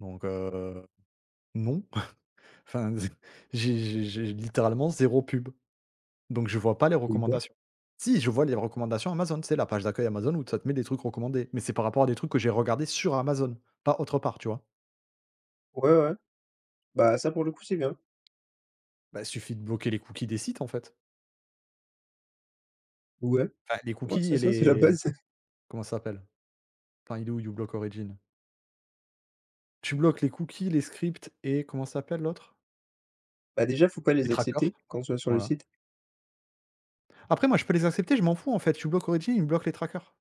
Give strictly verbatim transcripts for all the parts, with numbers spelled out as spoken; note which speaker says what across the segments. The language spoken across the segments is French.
Speaker 1: Donc heu, non. Enfin, j'ai j'ai j'ai littéralement zéro pub, donc je vois pas les
Speaker 2: Eh ben.
Speaker 1: recommandations. Si, je vois les recommandations Amazon, tu sais, la page d'accueil Amazon où ça te met des trucs recommandés, mais c'est par rapport à des trucs que j'ai regardés sur Amazon, pas autre part, tu vois?
Speaker 2: Ouais, ouais, bah, ça pour le coup, c'est bien.
Speaker 1: Bah, suffit de bloquer les cookies des sites, en fait.
Speaker 2: Ouais,
Speaker 1: Enfin, les
Speaker 2: ouais,
Speaker 1: cookies
Speaker 2: c'est
Speaker 1: et
Speaker 2: ça. C'est la
Speaker 1: les
Speaker 2: base.
Speaker 1: comment ça s'appelle? Enfin, il est où, uBlock Origin? Tu bloques les cookies, les scripts et comment ça s'appelle l'autre?
Speaker 2: Bah, déjà, il faut pas
Speaker 1: Les
Speaker 2: les
Speaker 1: traqueurs,
Speaker 2: accepter quand tu vas sur le
Speaker 1: voilà.
Speaker 2: site.
Speaker 1: Après, moi, je peux les accepter, je m'en fous. En fait, uBlock Origin, il me bloque les traqueurs.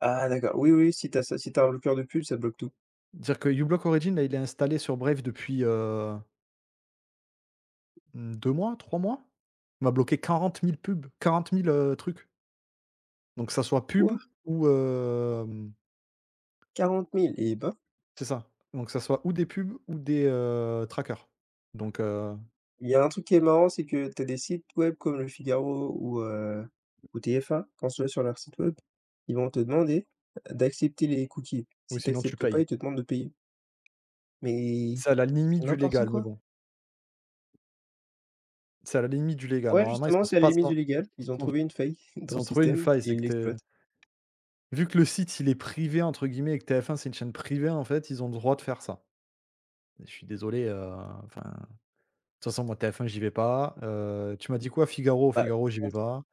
Speaker 2: Ah d'accord. Oui, oui, si tu as ça, si tu as un bloqueur de pub, ça bloque tout.
Speaker 1: Dire que uBlock Origin, là, il est installé sur Brave, depuis, heu Mmh, deux mois, trois mois, il m'a bloqué quarante mille pubs, quarante mille, heu, trucs. Donc, que ça soit
Speaker 2: Quoi?
Speaker 1: pubs ou, hem
Speaker 2: quarante mille? Eh ben.
Speaker 1: C'est ça. Donc, que ça soit ou des pubs ou des, heu, traqueurs, donc heu
Speaker 2: Il y a un truc qui est marrant, c'est que tu as des sites web comme le Figaro ou, heu, ou TF1. Quand tu vas sur leur site web, ils vont te demander d'accepter les cookies.
Speaker 1: oui,
Speaker 2: Si tu
Speaker 1: sinon tu
Speaker 2: acceptes pas,
Speaker 1: payes.
Speaker 2: ils te demandent de payer. Mais
Speaker 1: C'est à la limite
Speaker 2: c'est
Speaker 1: du
Speaker 2: n'importe
Speaker 1: légal, mais
Speaker 2: quoi!
Speaker 1: bon. C'est à la limite du légal.
Speaker 2: Ouais,
Speaker 1: Normalement, ils
Speaker 2: justement,
Speaker 1: sont
Speaker 2: c'est à la
Speaker 1: pas
Speaker 2: limite du légal. Ils ont
Speaker 1: [unintelligible]
Speaker 2: trouvé une faille dans
Speaker 1: ils
Speaker 2: le
Speaker 1: ont trouvé une
Speaker 2: système
Speaker 1: faille.
Speaker 2: et
Speaker 1: C'est
Speaker 2: ils
Speaker 1: que tu es
Speaker 2: l'exploitent.
Speaker 1: Vu que le site, il est «privé» entre guillemets et que TF1, c'est une chaîne privée, en fait, ils ont le droit de faire ça. Mais je suis désolé, heu enfin, de toute façon, moi, TF1, moi j'y vais pas, heu, tu m'as dit quoi, Figaro?
Speaker 2: Par
Speaker 1: Figaro, j'y vais
Speaker 2: contre
Speaker 1: pas.